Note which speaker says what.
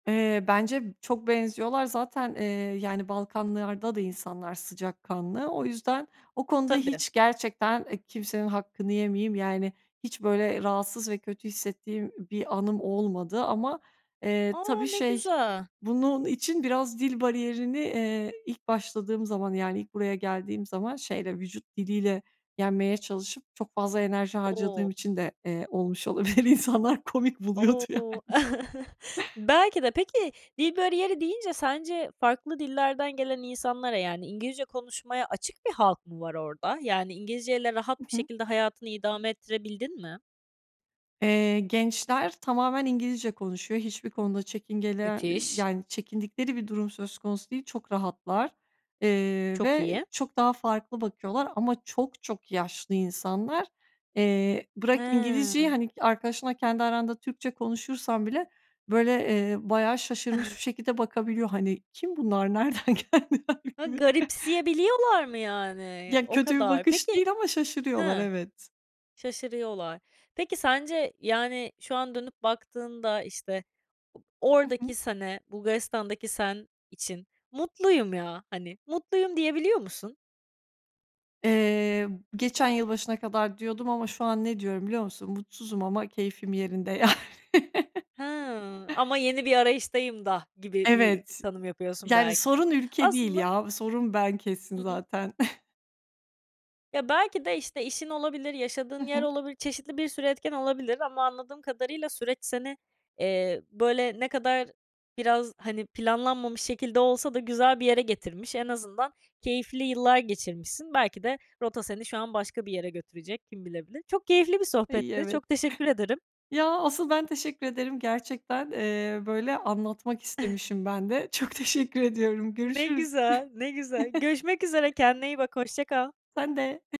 Speaker 1: Eee, bence çok benziyorlar. Zaten, eee, yani Balkanlar'da da insanlar sıcakkanlı. O yüzden o konuda
Speaker 2: Tabii.
Speaker 1: hiç gerçekten, eee, kimsenin hakkını yemeyeyim. Yani hiç böyle rahatsız ve kötü hissettiğim bir anım olmadı ama, eee,
Speaker 2: A!
Speaker 1: tabii
Speaker 2: Ne
Speaker 1: şey
Speaker 2: güzel.
Speaker 1: bunun için biraz dil bariyerini, eee, ilk başladığım zaman yani ilk buraya geldiğim zaman şeyle vücut diliyle yenmeye çalışıp çok fazla enerji harcadığım
Speaker 2: O!
Speaker 1: için de, eee, olmuş olabilir. İnsanlar komik buluyordu yani.
Speaker 2: O! Belki de. Peki dil bariyeri deyince sence farklı dillerden gelen insanlara yani İngilizce konuşmaya açık bir halk mı var orada? Yani İngilizceyle
Speaker 1: I
Speaker 2: rahat bir
Speaker 1: hı.
Speaker 2: şekilde hayatını idame ettirebildin mi?
Speaker 1: Eee, gençler tamamen İngilizce konuşuyor. Hiçbir konuda çekingeler y y
Speaker 2: Müthiş.
Speaker 1: yani çekindikleri bir durum söz konusu değil. Çok rahatlar, eee,
Speaker 2: Çok
Speaker 1: ve
Speaker 2: iyi.
Speaker 1: çok daha farklı bakıyorlar ama çok çok yaşlı insanlar. Eee, bırak İngilizceyi
Speaker 2: Hıı.
Speaker 1: hani arkadaşınla kendi aranda Türkçe konuşursan bile böyle, eee, bayağı şaşırmış bir şekilde bakabiliyor. Hani kim bunlar? Nereden geldiler?
Speaker 2: Ha
Speaker 1: Gibi.
Speaker 2: garipsiye biliyorlar mı yani?
Speaker 1: Ya
Speaker 2: O
Speaker 1: kötü bir
Speaker 2: kadar.
Speaker 1: bakış
Speaker 2: Peki,
Speaker 1: değil ama şaşırıyorlar.
Speaker 2: hıh,
Speaker 1: Evet.
Speaker 2: şaşırıyorlar. Peki sence yani şu an dönüp baktığında işte o
Speaker 1: Hı hı.
Speaker 2: oradaki sene Bulgaristan'daki sen için mutluyum ya hani, mutluyum diyebiliyor musun?
Speaker 1: Eee, geçen yılbaşına kadar diyordum ama şu an ne diyorum biliyor musun? Mutsuzum ama keyfim yerinde yani.
Speaker 2: Hıı ama yeni bir arayıştayım da gibi bi
Speaker 1: Evet,
Speaker 2: tanım yapıyorsun
Speaker 1: yani
Speaker 2: belki de.
Speaker 1: sorun ülke değil
Speaker 2: Aslında
Speaker 1: ya, sorun ben
Speaker 2: Hı
Speaker 1: kesin
Speaker 2: hı.
Speaker 1: zaten.
Speaker 2: Ya belki de işte işin olabilir,
Speaker 1: Hı
Speaker 2: yaşadığın yer
Speaker 1: hı.
Speaker 2: olabilir, çeşitli bir sürü etken olabilir ama anladığım kadarıyla süreç seni, eee, böyle ne kadar biraz hani planlanmamış şekilde olsa da güzel bir yere getirmiş. En azından keyifli yıllar geçirmişsin. Belki de rota seni şu an başka bir yere götürecek, kim bilebilir. Çok keyifli bir
Speaker 1: Ay
Speaker 2: sohbetti,
Speaker 1: evet.
Speaker 2: çok teşekkür ederim.
Speaker 1: Ya asıl ben teşekkür ederim. Gerçekten, eee, böyle anlatmak istemişim ben de. Çok teşekkür ediyorum.
Speaker 2: Ne
Speaker 1: Görüşürüz.
Speaker 2: güzel ne güzel görüşmek üzere kendine iyi bak hoşça kal.
Speaker 1: Sen de.